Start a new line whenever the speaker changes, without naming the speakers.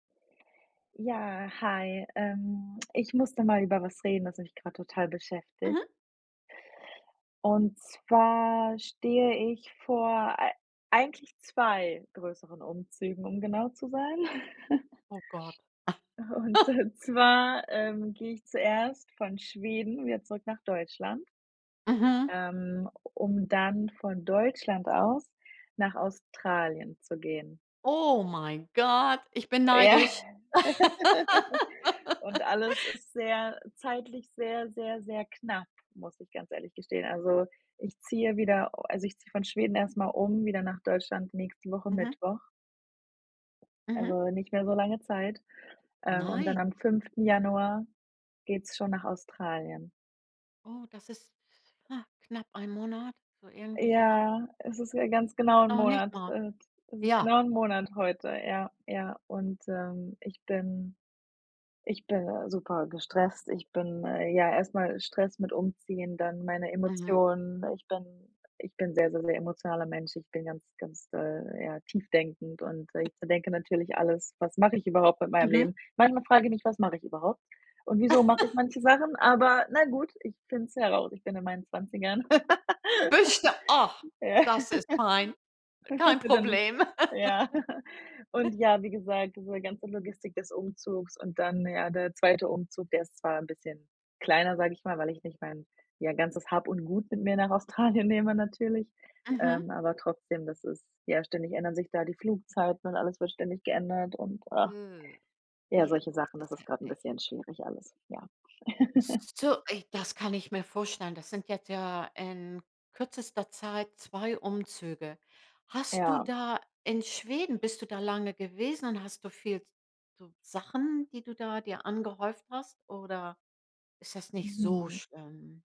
Ja, hi. Ähm, ich muss da mal über was reden, das mich grad total beschäftigt.
Mhm.
Und zwar stehe ich vor ei eigentlich 2 größeren Umzügen, um genau zu sein.
Oh Gott
Und, äh, zwar, ähm, gehe ich zuerst von Schweden wieder zurück nach Deutschland
Mhm.
ähm, um dann von Deutschland aus nach Australien zu gehen.
Oh mein Gott. Ich bin
Ja.
neidisch.
Und alles ist sehr zeitlich sehr, sehr, sehr knapp, muss ich ganz ehrlich gestehen. Also, ich ziehe wieder u also ich ziehe von Schweden erst mal um, wieder nach Deutschland nächste Woche
Mhm.
Mittwoch.
Mhm.
Also, nicht mehr so lange Zeit, ähm, und dann
Nein.
am 5. Januar geht's schon nach Australien.
Oh, das ist ha, knapp ein Monat, so irgendwie so was.
Ja, es ist ja ganz genau 'n
Noch nicht
Monat.
mal.
Äh, t es ist
Ja.
genau 'n Monat heute, ja. Ja und, ähm, ich bin ich bin, äh, super gestresst ich bin, äh ja erst mal Stress mit Umziehen, dann meine
Mhm.
Emotionen. Ich bin ich bin 'n sehr, sehr, sehr emotionaler Mensch, ich bin ganz, ganz, äh ja, tief-denkend und ich zerdenke natürlich alles: „Was mache ich überhaupt mit meinem
Mhm.
Leben?“ Manchmal frage ich mich: „Was mache ich überhaupt und wieso mache ich manche Sachen?“, aber, na gut, ich find's herau ich bin in meinen 20ern.
[unintelligible] Ach,
Ja.
das ist fein. Kein
Dann
Problem.
ja. Und ja, wie gesagt, diese ganze Logistik des Umzugs und dann, ja, der 2. Umzug, der ist zwar 'n bisschen kleiner, sag ich mal, weil ich nicht mein, ja, ganzes Hab und Gut mit mir nach Australien nehme natürlich.
Mhm.
Ähm, aber trotzdem, das ist ja, ständig ändern sich da die Flugzeiten und alles wird ständig geändert und
Mhm.
ja,
Ja.
solche Sachen.
Das
Das
ist
ist gerade 'n
heftig.
bisschen schwierig alles. Ja
S s so, ey, das kann ich mir vorstellen. Das sind jetzt ja in kürzester Zeit 2 Umzüge. Hast du
Ja.
da in Schweden bist du da lange gewesen und hast du viel s so Sachen, die du da dir angehäuft hast oder ist das nicht so
Mhm.
schlimm?